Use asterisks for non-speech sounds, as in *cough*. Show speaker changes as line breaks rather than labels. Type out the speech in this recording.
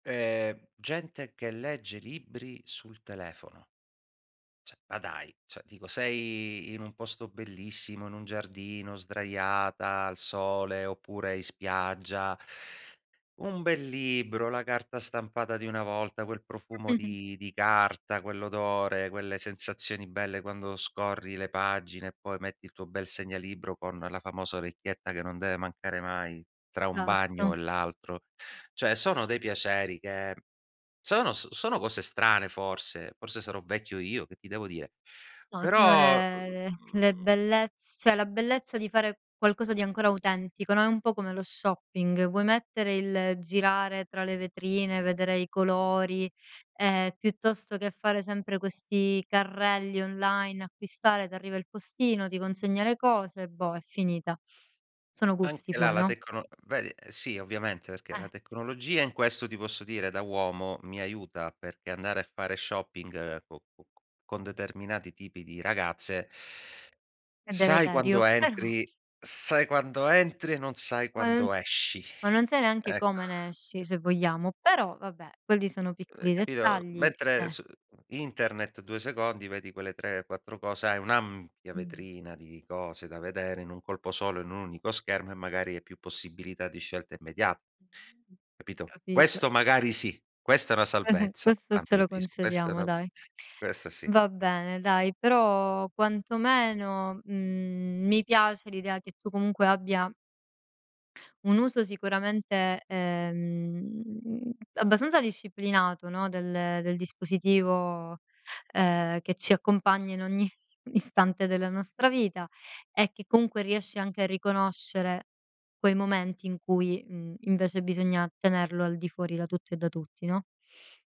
Ehm, gente che legge libri sul telefono. Cioè ma dai, cioè dico sei in un posto bellissimo, in un giardino sdraiata al sole, oppure in spiaggia un bel libro, la carta stampata di una volta, quel profumo
*chuckles*
di di carta, quell'odore, quelle sensazioni belle quando scorri le pagine, e poi metti il tuo bel segnalibro con la famosa orecchietta che non deve mancare mai, tra un
satto.
bagno e l'altro. Cioè sono dei piaceri che sono s sono cose strane forse, forse sarò vecchio io, che ti devo dire?
No, sono
Però,
le
mhmm
le bellezz cioè la bellezza di fare qualcosa di ancora autentico, no, è un po' come lo shopping, vuoi mettere il girare tra le vetrine, vedere i colori, ehm, piuttosto che fare sempre questi carrelli online, acquistare, t'arriva il postino, ti consegna le cose, boh, è finita. Sono
Anche
gusti
la
poi,
la
no?
tecno vedi? Sì ovviamente, perché la
Eh.
tecnologia in questo, ti posso dire, da uomo mi aiuta perché andare a fare shopping co co con determinati tipi di ragazze
È
sai
deleterio,
quando
però
entri sai quando entri, e non sai
Ma non s
quando esci.
ma non sai neanche
Ecc
come ne esci, se vogliamo, però vabbè, quelli sono
Ehm,
piccoli
capito
dettagli,
mentre
eh.
s internet 2 secondi vedi quelle 3, 4 cose, hai un'ampia
Mh.
vetrina di cose da vedere in un colpo solo, in un unico schermo e magari hai più possibilità di scelta immediata.
Mh, mh,
Capito?
Capito.
Questo magari sì, questa è una
*giggles*
salvezza
Questo
a
ce
mio
lo
avviso, questa è
concediamo,
una
dai.
questa sì.
Va bene dai, però quantomeno, mhmm, mi piace l'idea che tu comunque abbia un uso sicuramente, ehm, abbastanza disciplinato, no, del del dispositivo, ehm, che ci accompagna in ogni istante della nostra vita, e che comunque riesci anche a riconoscere quei momenti in cui, mhmm, invece bisogna tenerlo al di fuori da tutto e da tutti, no?